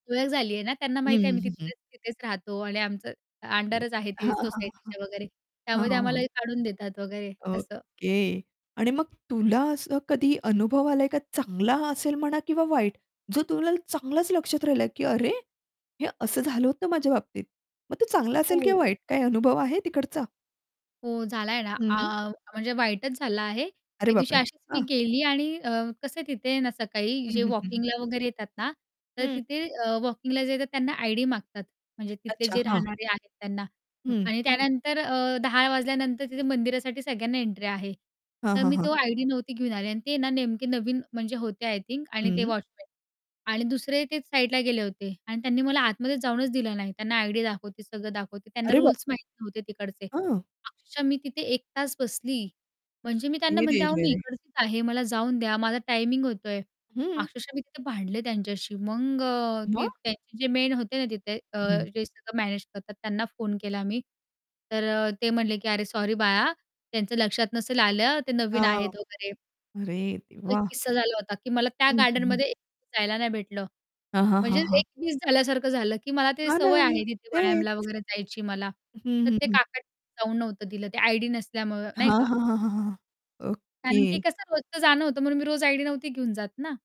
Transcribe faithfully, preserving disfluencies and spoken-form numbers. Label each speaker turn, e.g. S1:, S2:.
S1: ओळख झाली आहे ना, त्यांना
S2: हं,
S1: माहिती आहे
S2: हं,
S1: आम्ही
S2: हं, हं.
S1: तिथल्या तिथेच राहतो आणि आमचं अ
S2: हां,
S1: अंडरच आहे ते
S2: हां, हां, हां.
S1: सोसायटीच्या वगैरे,
S2: हां,
S1: त्यामुळे ते
S2: हां,
S1: आम्हाला
S2: हां.
S1: हे काढून देतात वगैरे, असं.
S2: ओके! आणि मग तुला असं कधी अनुभव आला आहे का चांगला असेल म्हणा किंवा वाईट. जो तुला चांगलाच लक्षात राहिला आहे, की "अरे हे असं झालं होतं माझ्या बाबतीत!" मग तो चांगला असेल
S1: हो.
S2: किंवा वाईट काय अनुभव आहे तिकडचा?
S1: हो, झाला आहे ना,
S2: हं.
S1: आ म्हणजे वाईटच झाला आहे.
S2: अरे
S1: एक दिवशी
S2: बापरे!
S1: अशीच मी
S2: हां.
S1: गेली आणि अ, कसं तिथे ना सकाळी,
S2: हं,
S1: जे
S2: हं, हं, हं.
S1: वॉकिंगला वगैरे येतात ना तर
S2: हं.
S1: तिथे अ, वॉकिंगला जे येतात त्यांना आयडी मागतात. म्हणजे तिथले
S2: अच्छा,
S1: जे
S2: हां.
S1: राहणारे आहेत त्यांना
S2: हं.
S1: आणि त्यानंतर अ, दहा वाजल्यानंतर तिथे मंदिरासाठी सगळ्यांना एंट्री आहे.
S2: हां,
S1: तर
S2: हां,
S1: मी
S2: हां.
S1: तो आयडी नव्हती घेऊन आले आणि ते ना नेमके नवीन म्हणजे होते आय थिंक आणि ते
S2: हं.
S1: वॉचमन आणि दुसरे ते साईडला गेले होते आणि त्यांनी मला आतमध्येच जाऊनच दिलं नाही, त्यांना आयडी दाखवते, सगळं दाखवते, त्यांना
S2: अरे बाप
S1: रुल्स माहीत नव्हते तिकडचे.
S2: हं.
S1: अक्षरशः मी तिथे एक तास बसली, म्हणजे मी त्यांना
S2: अरे
S1: म्हणते,
S2: रे!
S1: "अहो
S2: रे!
S1: मी
S2: रे!
S1: इकडचीच आहे, मला जाऊन द्या, माझा टायमिंग होतोय."
S2: हं.
S1: अक्षरशः मी तिथे भांडले त्यांच्याशी. मग अ, ती
S2: मग?
S1: त्यांचे जे मेन होते ना तिथे, अ,
S2: हं.
S1: जे सगळं मॅनेज करतात, त्यांना फोन केला मी, तर अ, ते म्हटले, की "अरे सॉरी बाळा, त्यांचं लक्षात नसेल आलं, ते नवीन
S2: हां,
S1: आहेत वगैरे."
S2: अरे
S1: तो एक
S2: देवा!
S1: किस्सा झाला होता, की मला त्या
S2: हं, हं.
S1: गार्डनमध्ये [unintelligible] जायला नाही भेटलं.
S2: हां, हां,
S1: म्हणजे
S2: हां, हां.
S1: एक मिस झाल्यासारखं झालं, की मला ते
S2: हां ना,
S1: सवय आहे तिथे वायामला
S2: तेच.
S1: वगैरे जायची मला.
S2: हं,
S1: तर
S2: हं,
S1: ते
S2: हं.
S1: काकानी जाऊन नव्हतं दिलं ते आयडी नसल्यामुळं, नाही
S2: हां,
S1: का?
S2: हां, हां, हां, हां, हां.
S1: कारण की
S2: ओके.
S1: कसं रोजच जाणं होत म्हणून मी रोज आयडी नव्हती घेऊन जात ना.